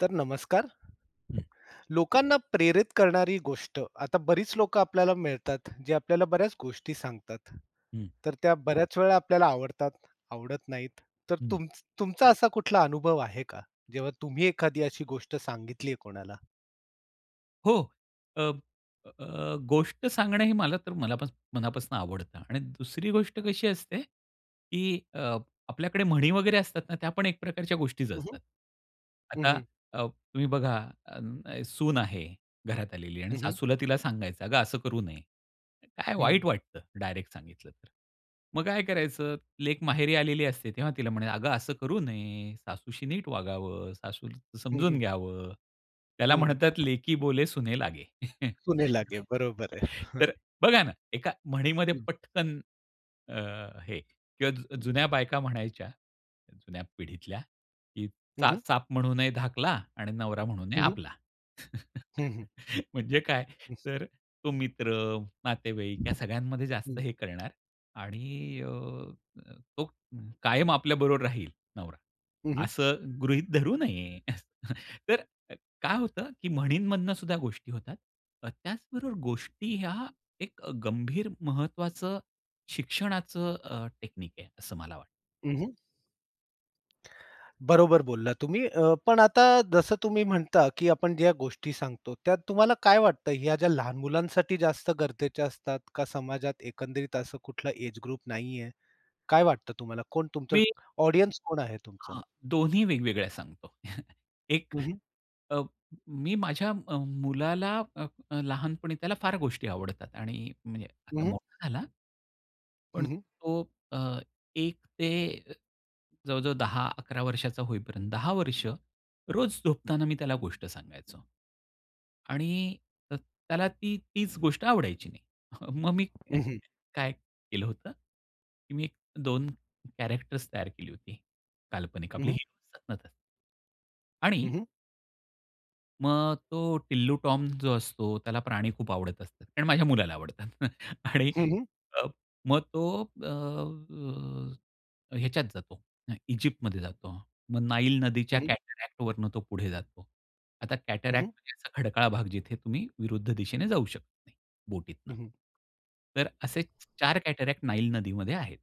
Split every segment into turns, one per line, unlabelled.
तर नमस्कार.
हं.
लोकांना प्रेरित करणारी गोष्ट. आता बरीच लोकं आपल्याला मिळतात, जे आपल्याला बऱ्याच गोष्टी सांगतात.
हं.
तर त्या बऱ्याच वेळा आपल्याला आवडतात, आवडत नाहीत. तर
हं.
तुम तुमचा असा कुठला अनुभव आहे का? जेव्हा तुम्ही एखादी अशी गोष्ट सांगितली आहे कोणाला?
हो. अब अ, गोष्ट सांगणं हे मला तर मलापास मनापासून आवडतं आणि दुसरी गोष्ट कशी असते, की अ, आपल्याकडे म्हणी वगैरे असतात ना त्या पण एक प्रकारच्या गोष्टीचं
हं, हं.
असतात.
हं,
आता
हं.
अ, तुम्ही बघा, अ, सून आहे घरात आलेली आणि
हं, हं.
सासूला तिला सांगायचं, "अगं, असं करू नये." काय वाईट
हं.
वाटतं डायरेक्ट सांगितलं तर, मग काय करायचं? लेक माहेरी आलेली असते तेव्हा तिला म्हणायचं, "अगं, असं करू नये. सासूशी नीट वागावं. सासूला
हं,
समजून
हं.
घ्यावं." त्याला
हं.
म्हणतात, "लेकी बोले सुने लागे."
सुने लागे बरोबर आहे. हां
तर बघा ना, एका म्हणीमध्ये
हं.
पटकन अ, हे किंवा जू जुन्या बायका म्हणायच्या, जुन्या पिढीतल्या, की
हं,
चा
हं.
चाप म्हणून ही धाकला आणि नवरा म्हणून हे
हं, हं.
आपला.
हं, हं.
म्हणजे काय,
हं.
तर तो मित्र, नातेवाईक या सगळ्यांमध्ये जास्त
हं.
हे करणार. आणि अ, तो कायम आपल्याबरोबर राहील नवरा,
हं, हं.
असं गृहीत धरू नये. तर काय होतं, की म्हणींमधनं सुद्धा गोष्टी होतात. त्याचबरोबर गोष्टी ह्या, एक गंभीर महत्त्वाचं शिक्षणाचं अ, टेक्निक आहे असं मला वाटतं.
हं, हं. बरोबर बोलला तुम्ही अ, पण आता जसं तुम्ही म्हणता, की आपण ज्या गोष्टी सांगतो, त्यात तुम्हाला काय वाटतं? ह्या ज्या लहान मुलांसाठी जास्त गरजेच्या असतात का? समाजात एकंदरीत असं कुठलं एज ग्रुप नाहीये. काय वाटतं तुम्हाला? कोण तुमचं
मी.
ऑडियन्स कोण आहे तुमचं?
हा दोन्ही वेगवेगळ्या सांगतो. एक
हं, हं.
अ, मी माझ्या अ, मुलाला अ, अ, लहानपणी त्याला फार गोष्टी आवडतात आणि म्हणजे
हं,
आता
हं.
मोठा झाला. पण
हं, हं.
तो अ, एक ते जवळ-जवळ 10 11 वर्षाचा होईपर्यंत 10 वर्ष रोज झोपताना मी त्याला गोष्ट सांगायचो आणि अ, त्याला ती तीच गोष्ट आवडायची नाही. मग मी
हं, हं.
काय केलं होतं, की मी 2 कॅरेक्टर्स तयार केली होती, काल्पनिक
हं,
आपले
हं.
हिरो असतात नं तसे. आणि
हं, हं.
मग तो टिल्लू टॉम जो असतो, त्याला प्राणी खूप आवडत असतात कारण माझ्या मुलाला आवडतात आणि
हं, हं.
अ, मग तो अ, ह्याच्यात जातो, इजिप्तमध्ये जातो. मग नाईल नदीच्या
हं, हं.
कॅटरॅक्ट वरून तो पुढे जातो. आता
हं, हं.
कॅटरॅक्ट म्हणजे खडकाळ भाग जिथे तुम्ही विरुद्ध दिशेने जाऊ शकत नाही,
हं,
बोटीतनं.
हं.
तर असेच 4 कॅटरॅक्ट नाईल नदीमध्ये आहेत.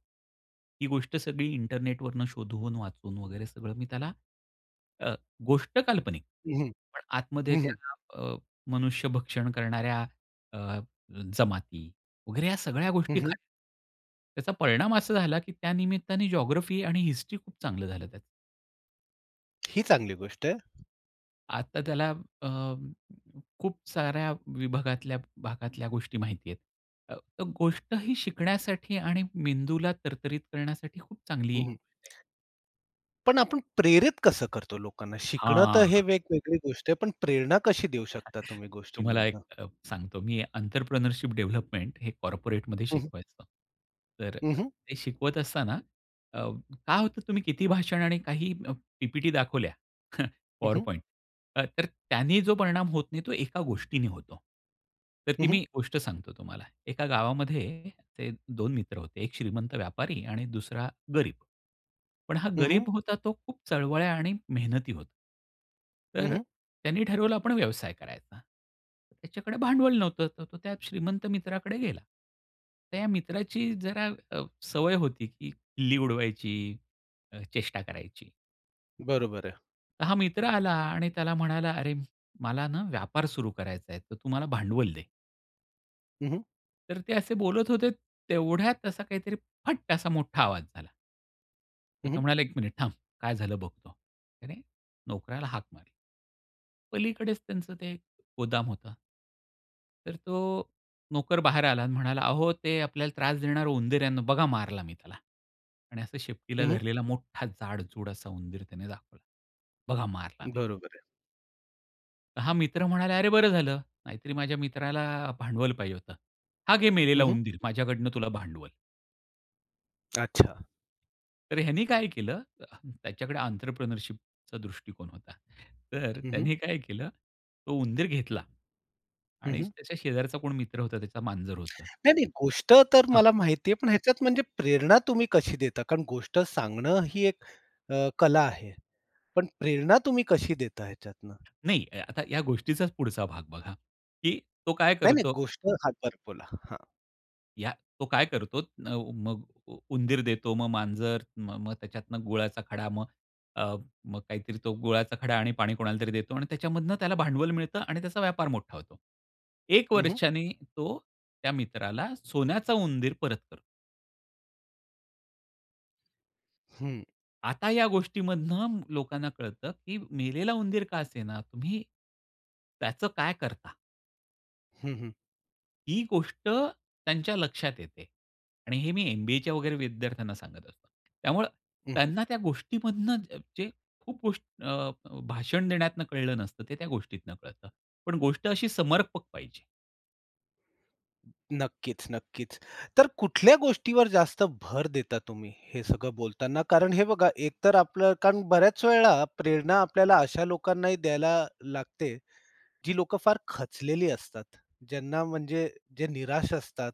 ही गोष्ट सगळी इंटरनेटवरून शोधून वाचून वगैरे सगळं मी त्याला, अ, गोष्ट काल्पनिक
हं, हं.
पण आतमध्ये
हं, हं.
त्या अ, मनुष्य भक्षण करणाऱ्या अ, जमाती वगैरे या सगळ्या
हं,
गोष्टी खऱ्या.
हं.
त्याचा परिणाम असा झाला, की त्या निमित्ताने जिओग्राफी आणि हिस्ट्री खूप चांगलं झालं त्याचं.
ही चांगली गोष्ट आहे.
आता त्याला अ, खूप साऱ्या विभागातल्या भागातल्या गोष्टी माहिती आहेत. अ, तर गोष्ट ही शिकण्यासाठी आणि मेंदूला तरतरीत करण्यासाठी खूप
हं,
चांगली
हं.
[unintelligible]
पण आपण प्रेरित कसं करतो लोकांना? शिकणं तर
हां.
हे वेगवेगळी गोष्ट आहे, पण प्रेरणा कशी देऊ शकता
[unintelligible]
तुम्ही
तुम्हाला एक
गोष्टींमधनं?
अ, सांगतो मी एंटरप्रेन्योरशिप डेव्हलपमेंट हे कॉर्पोरेटमध्ये
हं, हं.
शिकवायचो. तर
हं,
अ,
हं.
ते शिकवत असताना अ, काय होतं तुम्ही किती भाषण आणि काही पी-पी-टी दाखवल्या
हं, हं.
PowerPoint तर त्यांनी जो परिणाम होत नाही तो एका गोष्टीने होतो. तर
हं,
ती
हं.
मी गोष्ट सांगतो तुम्हाला. एका गावामध्ये असे 2 मित्र होते एक श्रीमंत व्यापारी आणि दुसरा गरीब, पण हा
हं, हं.
गरीब होता तो खूप चळवळ्या आणि मेहनती होता.
हं,
तर
हं.
त्यांनी ठरवलं आपण व्यवसाय करायचा. त्याच्याकडे भांडवल नव्हतं तर तो त्या श्रीमंत मित्राकडे गेला. तर या मित्राची जरा अ, सवय होती, की खिल्ली उडवायची, अ, चेष्टा करायची.
बरोबर आहे.
हा मित्र आला आणि त्याला म्हणाला, अरे, मला ना व्यापार सुरु करायचा आहे, तर तू मला भांडवल दे.
हं, हं.
तर ते असे बोलत होते, तेवढ्यात असा काहीतरी फट असा मोठा आवाज झाला. तर
हं,
तो
हं.
म्हणाला, "1 मिनिट थांब, काय झालं बघतो." त्याने नोकऱ्याला हाक मारली. पलीकडेच त्यांचं ते गोदाम होतं. तर तो नोकर बाहेर आला आणि म्हणाला, "अहो, ते आपल्याला त्रास देणार उंदीर आहे ना, बघा मारला मी त्याला." आणि असं शेपटीला
हं, हं.
धरलेला मोठा जाडजूड असा उंदीर त्याने दाखवला. "बघा मारला मी."
बरोबर आहे.
हा मित्र म्हणाला, "अरे, बरं झालं नाहीतरी माझ्या मित्राला अ, भांडवल पाहिजे होतं. हा घे
हं,
मेलेला
हं.
उंदीर माझ्याकडनं तुला भांडवल."
अच्छा.
तर ह्यांनी काय केलं त्याच्याकडे ऑन्ट्रप्रनरशिपचा दृष्टिकोन होता. तर
हं, हं.
त्यांनी काय केलं? तो उंदीर घेतला.
हं,
आणि
हं.
त्याच्या शेजारचा कोण मित्र होता? त्याचा मांजर होत.
नाही, नाही. गोष्ट तर
हां.
मला माहिती आहे, पण ह्याच्यात म्हणजे प्रेरणा तुम्ही कशी देता? कारण गोष्ट सांगणं ही एक अ, कला आहे. पण प्रेरणा तुम्ही कशी देता ह्याच्यातनं?
नाही, या आता या गोष्टीचाच पुढचा भाग बघा, की तो काय
नाही, नाही,
करतो?
गोष्ट हां, बरं बोला. हां.
या तो काय करतो नव मग उंदीर देतो, मग मांजर म मग त्याच्यातन गुळाचा खडा, मग अ, मग काहीतरी तो गुळाचा खडा आणि पाणी कोणालातरी देतो आणि त्याच्यामधनं त्याला भांडवल मिळतं आणि त्याचा व्यापार मोठा होतो. 1
हं, हं.
वर्षांनी, तो त्या मित्राला सोन्याचा उंदीर परत करतो.
हं.
आता या गोष्टीमधनं, लोकांना कळतं, की मेलेला उंदीर का असेना, तुम्ही त्याचं काय करता?
हं, हं.
ही गोष्ट त्यांच्या लक्षात येते. आणि हे मी एम-बी-एच्या वगैरे विद्यार्थ्यांना सांगत असतो. त्यामुळे
हं, हं.
त्यांना, त्या गोष्टीमधून जे खूप गोष्ट अ, अ, भाषण देण्यातून कळलं नसतं, ते त्या गोष्टीतून कळतं. पण गोष्ट अशी समर्पक पाहिजे.
नक्कीच, नक्कीच. तर कुठल्या गोष्टीवर जास्त भर देता तुम्ही, हे सगळं बोलताना? कारण हे बघा, एक तर आपलं कारण बऱ्याच वेळेला प्रेरणा आपल्याला, अशा लोकांनाही द्यायला लागते जी लोकं फार खचलेली असतात. ज्यांना म्हणजे जे निराश असतात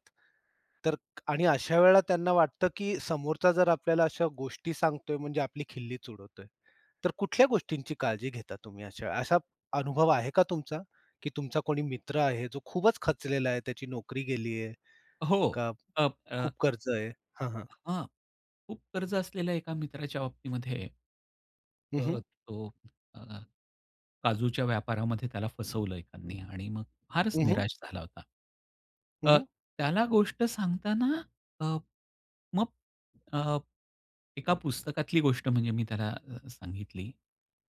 तर आणि अशा वेळेला, त्यांना वाटतं की समोरचा, जर आपल्याला अशा गोष्टी सांगतोय म्हणजे आपली खिल्लीच उडवतोय. तर कुठल्या गोष्टींची काळजी घेता तुम्ही? अशा असा अनुभव आहे का तुमचा? की तुमचा कोणी मित्र आहे? जो खूपच खचलेला आहे, त्याची नोकरी गेली आहे,
हो.
का
अ, अ
खूप खर्च आहे? हां. हां.
हां. खूप कर्ज असलेल्या एका मित्राच्या बाबतीमध्ये,
हं,
अ,
हं.
तो अ, काजूच्या व्यापारामध्ये त्याला फसवलं एकानी आणि मग फारच
हं, हं.
निराश झाला होता.
हं,
अ,
हं.
त्याला गोष्ट सांगताना अ, मग अ, एका पुस्तकातली गोष्ट म्हणजे मी, त्याला अ, सांगितली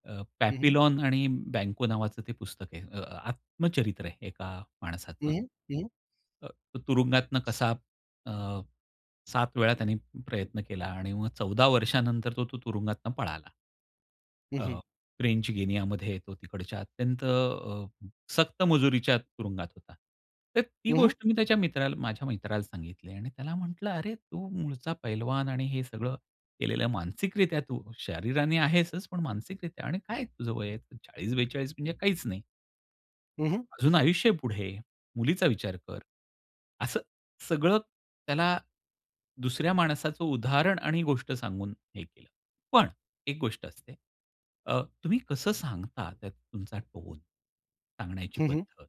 अ,
हं, हं.
"पॅपीलॉन आणि बँको" नावाचं ते पुस्तक आहे, अ, आत्मचरित्र आहे एका
हं,
माणसाचं.
हं. हं, हं.
अ, तुरुंगातून कसा अ, 7 वेळा त्यांनी प्रयत्न केला आणि मग, 14 वर्षानंतर तो तू तुरुंगातून पळाला.
हं, हं.
अ, फ्रेंच गिनियामध्ये तो तिकडच्या अत्यंत अ, सक्त मजुरीच्या तुरुंगात होता. तर, ती
हं, हं.
गोष्ट मी त्याच्या मित्राला माझ्या मित्राला सांगितली आणि त्याला म्हटलं, "अरे, तू मूळचा पैलवान आणि हे सगळं केलेलं मानसिकरित्या तू शरीराने आहेसच, पण मानसिकरित्या आणि काय तुझं वय आहे, 40-42 म्हणजे काहीच नाही."
हं, हं.
अजून आयुष्य आहे पुढे. मुलीचा विचार कर. असं सगळं त्याला दुसऱ्या माणसाचं उदाहरण आणि गोष्ट सांगून हे केलं. पण एक गोष्ट असते अ, तुम्ही कसं सांगता, त्यात तुमचा टोन, सांगण्याची
हं, हं.
पद्धत.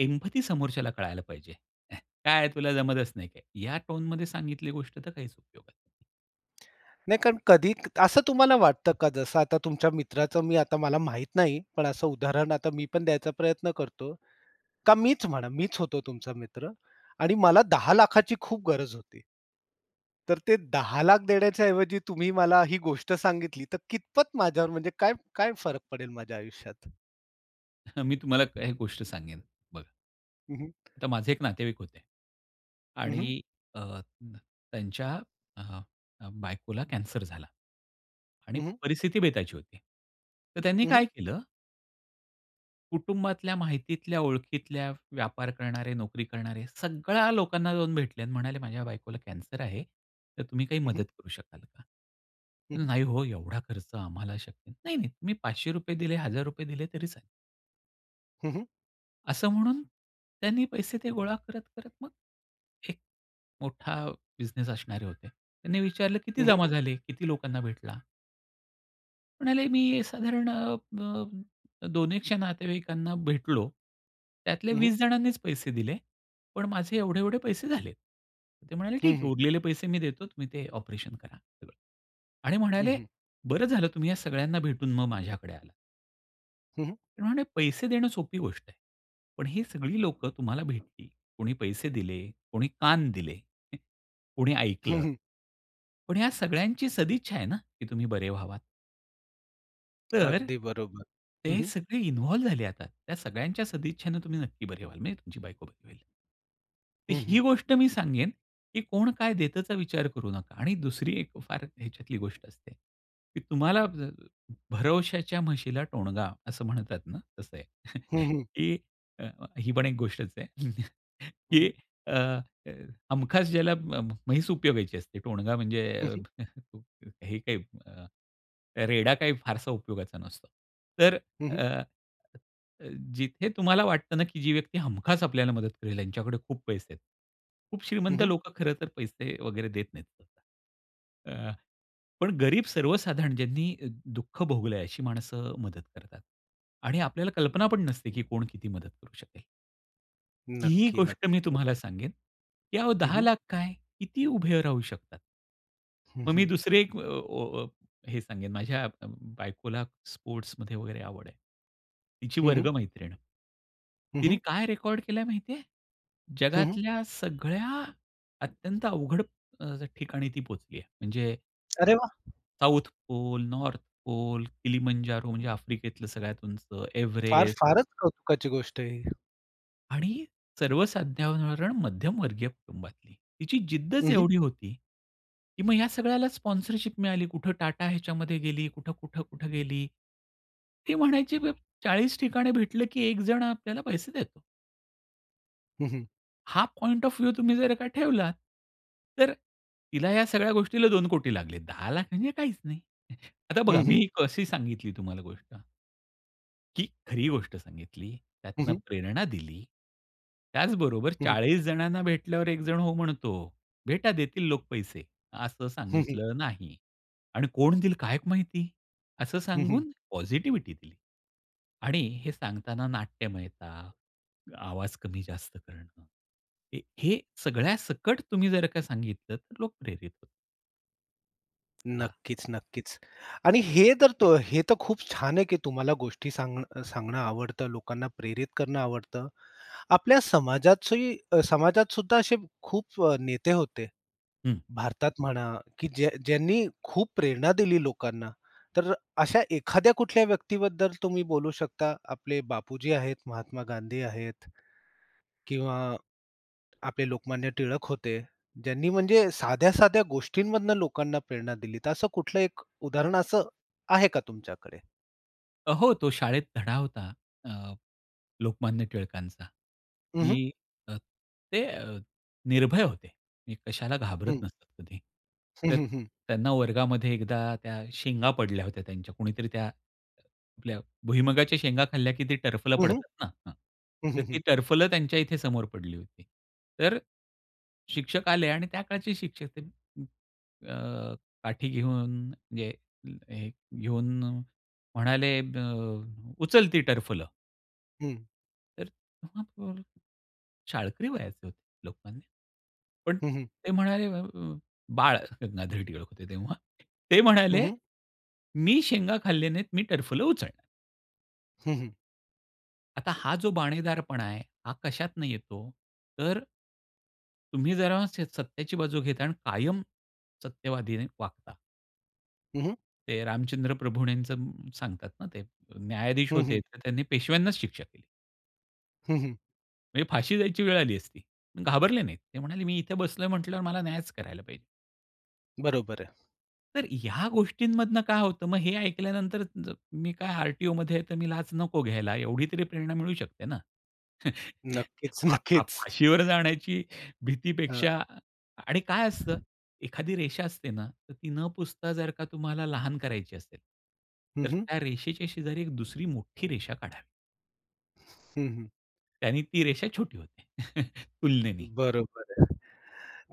एम्पथी समोरच्याला कळायला पाहिजे. "ह्या, काय आहे तुला जमतच नाही काय" ह्या टोनमध्ये सांगितली गोष्ट तर काहीच उपयोगात नाही.
नाही कारण कधी क असं तुम्हाला वाटतं का? जसं आता तुमच्या मित्राचं मी आता मला माहित नाही, पण असं उदाहरण आता मी पण द्यायचा प्रयत्न करतो. का मीच म्हणा मीच होतो तुमचा मित्र आणि मला 10 लाखाची खूप गरज होती. तर ते 10 लाख देण्याच्या ऐवजी तुम्ही मला ही गोष्ट सांगितली तर कितपत माझ्यावर म्हणजे काय, काय फरक पडेल माझ्या आयुष्यात?
मी तुम्हाला एक गोष्ट सांगेन, बघा
हं, हं.
तर माझे एक नातेवाईक होते.
हं, हं.
आणि अ, न त्यांच्या अ, अ बायकोला कॅन्सर झाला. आणि
हं, हं.
परिस्थिती बेताची होती. तर त्यांनी
हं,
काय
हं.
केलं? कुटुंबातल्या, माहितीतल्या, ओळखीतल्या, व्यापार करणारे, नोकरी करणारे सगळ्या लोकांना जाऊन भेटले आणि म्हणाले माझ्या बायकोला कॅन्सर आहे. तर तुम्ही काही
हं,
मदत
हं.
करू शकाल का?
हं, हं.
"नाही हो एवढा खर्च आम्हाला शक्य नाही." नाही, नाही तुम्ही ₹500 दिले, ₹1,000 दिले तरी चालेल.
हं, हं.
असं म्हणून त्यांनी पैसे ते गोळा करत-करत, मग एक मोठा बिझनेस असणारे होते. त्यांनी विचारलं, "किती
हं, हं,
जमा
हं.
झाले? किती लोकांना भेटला?" म्हणाले, मी साधारण अ, अ, दोन एकशे नातेवाईकांना भेटलो त्यातले
हं, हं.
20 जणांनीच पैसे दिले. पण माझे एवढे-एवढे पैसे झाले. ते म्हणाले,
हं,
"ठीक आहे,
हं.
उरलेले पैसे मी देतो, तुम्ही ते ऑपरेशन करा सगळं" आणि
हं,
म्हणाले,
हं.
"बरं झालं, तुम्ही या सगळ्यांना भेटून मग माझ्याकडे आलात."
हं, हं.
ते म्हणाले, "पैसे देणं सोपी गोष्ट आहे." पण ही सगळी लोकं तुम्हाला भेटली. कोणी पैसे दिले, कोणी कान दिले, कोणी
हं,
ऐकलं.
हं.
पण या सगळ्यांची सदिच्छा आहे ना, की तुम्ही बरे व्हावात. तर,
अगदी बरोबर. हं,
ते
हं.
सगळे इन्व्हॉल्व झाले. आता त्या सगळ्यांच्या सदिच्छेनं तुम्ही नक्की बरे व्हाल, म्हणजे तुमची बायको बरी होईल. तर
हं, हं.
ही गोष्ट मी सांगेन, की कोण काय देतचा विचार करू नका. आणि दुसरी एक फार ह्याच्यातली गोष्ट असते, की तुम्हाला "भरवशाच्या म्हशीला टोणगा" असं म्हणतात ना, तसं आहे.
हं, हं.
की अ, अ, ही पण एक गोष्टच आहे,
हं,
की
हं.
अ, हमखास ज्याला म्हैस उपयोगायची असते. टोणगा म्हणजे
हं, हं.
हे काही अ, रेडा, काही फारसा उपयोगाचा नसतो. तर
हं, हं.
अ, अ, जिथे तुम्हाला वाटतं ना, की जी व्यक्ती हमखास आपल्याला मदत करेल, त्यांच्याकडे खूप पैसे आहेत. खूप
हं,
श्रीमंत
हं.
लोकं खरं तर पैसे वगैरे देत नाहीत सहसा. अ, पण गरीब, सर्वसाधारण ज्यांनी दुःख भोगलं आहे, अशी माणसं मदत करतात. आणि आपल्याला कल्पना पण नसते, की कोण किती मदत करू शकेल. ही ही
नक्की,
गोष्ट मी
नक्की.
तुम्हाला सांगेन, की अहो
हं,
दहा
हं.
लाख काय किती ही उभे राहू शकतात.
हं,
मग मी
हं.
दुसरी एक ओ ओ ओ हे सांगेन. माझ्या अ, ब बायकोला स्पोर्टमध्ये वगैरे आवड आहे. तिची
हं,
वर्ग
हं.
मैत्रीण
हं,
तिने
हं.
काय रेकॉर्ड केलंय माहिती आहे?
हं, हं.
जगातल्या सगळ्या अत्यंत अवघड अ, स ठिकाणी ती पोहचली आहे, म्हणजे
अरे वाह!
South pole, north pole, Kilimanjaro, म्हणजे आफ्रिकेतलं सगळ्यात उंच,
फार
एव्हरेस्ट.
फारच कौतुकाची गोष्ट आहे ही.
आणि सर्वसाधारण मध्यमवर्गीय कुटुंबातली. तिची
हं,
जिद्दच
हं.
एवढी होती. की मग या सगळ्याला स्पॉन्सरशिप मिळाली. कुठे टाटा ह्याच्यामध्ये गेली कुठं-कुठं-कुठं गेली. ती म्हणायची, "ब 40 ठिकाणी भेटलं की एक जण आपल्याला पैसे देतो."
हं, हं.
हा पॉइंट ऑफ व्ह्यू तुम्ही जर का ठेवलात, तर तिला या सगळ्या गोष्टीला 2 कोटी लागले. 10 लाख म्हणजे काहीच नाही. आता
हं,
बघा
हं.
मी कशी सांगितली तुम्हाला गोष्ट. की खरी गोष्ट सांगितली,
हं,
त्यातनं
हं.
प्रेरणा दिली, त्याचबरोबर,
हं, हं.
"40 जणांना भेटल्यावर एकजण हो म्हणतो." "भेटा देतील लोक पैसे" असं
हं, हं.
सांगितलं नाही. आणि "कोण देईल काय क माहिती?" असं
हं, हं.
सांगून पॉझिटिव्हिटी दिली. आणि हे सांगताना नाट्यमयता, आवाज कमी-जास्त करणं, ह हे सगळ्यासकट तुम्ही जर का सांगितलं, तर लोक प्रेरित होत हां.
नक्कीच, नक्कीच आणि हे तर तो हे तर खूप छान आहे, की तुम्हाला गोष्टी सांग सांगणं आवडतं, लोकांना प्रेरित करणं आवडतं. आपल्या समाजाची समाजात सुद्धा असे खूप अ, नेते होते.
हं.
भारतात म्हणा, की ज्यां ज्यांनी खूप प्रेरणा दिली लोकांना. तर अशा एखाद्या कुठल्या व्यक्तीबद्दल तुम्ही बोलू शकता? आपले बापूजी आहेत, महात्मा गांधी आहेत किंवा आपले लोकमान्य टिळक होते. ज्यांनी म्हणजे साध्या-साध्या गोष्टींमधून लोकांना प्रेरणा दिली. तर असं कुठलं एक उदाहरण असं आहे का तुमच्याकडे?
अ, हो, तो शाळेत धडा होता. अ, लोकमान्य टिळकांचा,
हं, हं.
की अ, ते अ, निर्भय होते, ते कशाला घाबरत
हं.
नसतात कधी.
हं,
तर
हं, हं.
त्यांना वर्गामध्ये एकदा त्या शेंगा पडल्या होत्या त्यांच्या कोणीतरी त्या, आपल्या भूईमुंगच्या शेंगा खाल्ल्या, की ती टरफलं
हं, हं.
पडतात ना हां,
हं,
तर
हं,
ती
हं.
टरफलं त्यांच्या इथे समोर पडली होती. तर, शिक्षक आले आणि त्याकाळचे शिक्षक ते. अ, अ, काठी घेऊन म्हणजे हे घेऊन म्हणाले, "अ, उचल ती टरफलं."
हं.
तर [unintelligible] शाळकरी वयाचे होते लोकमान्य. पण
हं, हं.
ते म्हणाले अ, अ, अं, बाळ गंगाधर टिळक होते तेव्हा, ते
हं,
म्हणाले,
हं.
"मी शेंगा खाल्ले नाहीत. मी टर्फल उचलणार नाही."
हं, हं.
आता हा जो बाणेदारपणा आहे. हा कशातनं येतो? तर तुम्ही जरा स सत्याची बाजू घेता आणि कायम सत्यवादीने वागता.
हं, हं.
ते रामचंद्र प्रभुणेच सांगतात ना ते, अ, न्यायाधीश
हं,
होते
हं.
तर त्यांनी पेशव्यांनाच शिक्षा केली.
हं, हं.
म्हणजे फाशी जायची वेळ आली असती. घाबरले नाहीत. ते म्हणाले मी इथे बसलोय म्हटल्यावर मला न्यायच करायला पाहिजे.
बरोबर आहे.
तर ह्या गोष्टींमधनं काय होतं, मग हे ऐकल्यानंतर ज मी काय आर-टी-ओमध्ये आहे तर मी लाच नको घ्यायला एवढी तरी प्रेरणा मिळू शकते ना?
नक्कीच
फा फा
नक्कीच.
फाशीवर जाण्याची भीतीपेक्षा
हां.
आणि काय असतं एखादी रेषा असते ना, तर ती न पुसता जर का तुम्हाला लहान करायची असेल.
हं,
तर
हं.
त्या रेषेच्या शेजारी एक दुसरी मोठी रेषा काढा.
हं, हं.
त्यानी ती रेषा छोटी होते, तुलनेने.
बरोबर आहे.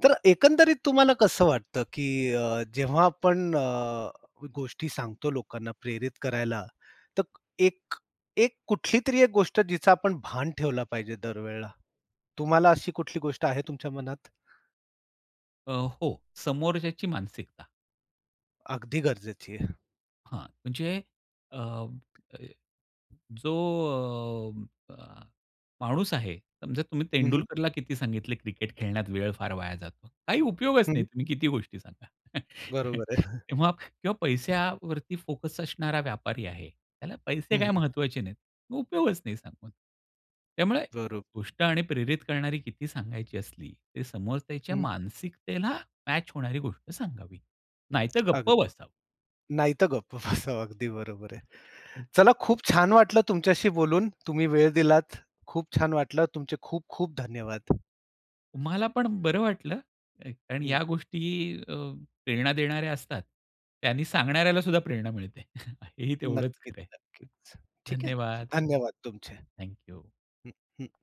तर एकंदरीत तुम्हाला कसं वाटतं, की अ, जेव्हा आपण अ, गोष्टी सांगतो लोकांना प्रेरित करायला, तर एक, एक कुठलीतरी एक गोष्ट जिचं आपण भान ठेवलं पाहिजे दर वेळेला, तुम्हाला अशी कुठली गोष्ट आहे तुमच्या मनात?
अ, हो समोरच्याची मानसिकता.
अगदी गरजेची आहे.
हां, म्हणजे अ, जो अ, माणूस आहे, समजा तुम्ही
हं, हं.
तेंडुलकरला किती सांगितले क्रिकेट खेळण्यात वेळ फार वाया जातो. काही उपयोगच
हं,
नाही
हं.
तुम्ही किती गोष्टी सांगा.
बरोबर आहे.
तेव्हा किंवा पैश्यावरती फोकस असणारा व्यापारी आहे. त्याला
हं,
"पैसे काही
हं.
महत्वाचे नाहीत" उपयोगच नाही सांगून. त्यामुळे
बरोब
गोष्ट आणि प्रेरित करणारी किती सांगायची असली ते समोरच्याच्या
हं
मानसिकतेला मॅच होणारी गोष्ट सांगावी नाहीतर गप्प
अगदी.
बसावं.
नाही तर गप्प बसावं अगदी बरोबर आहे.
हां, हे, हं.
चला खूप छान वाटलं तुमच्याशी बोलून, तुम्ही वेळ दिलात. खूप छान वाटलं. तुमचे खूप-खूप धन्यवाद.
मला पण बरं वाटलं, कारण
हं.
या गोष्टी अ, प्रेरणा देणाऱ्या असतात. त्यांनी सांगणाऱ्याला सुद्धा प्रेरणा मिळते हे ही तेवढंच
नक्कीच,
खरं आहे.
नक्कीच. ठीक आहे.
धन्यवाद.
धन्यवाद तुमचे. हं,
थँक यू.
हं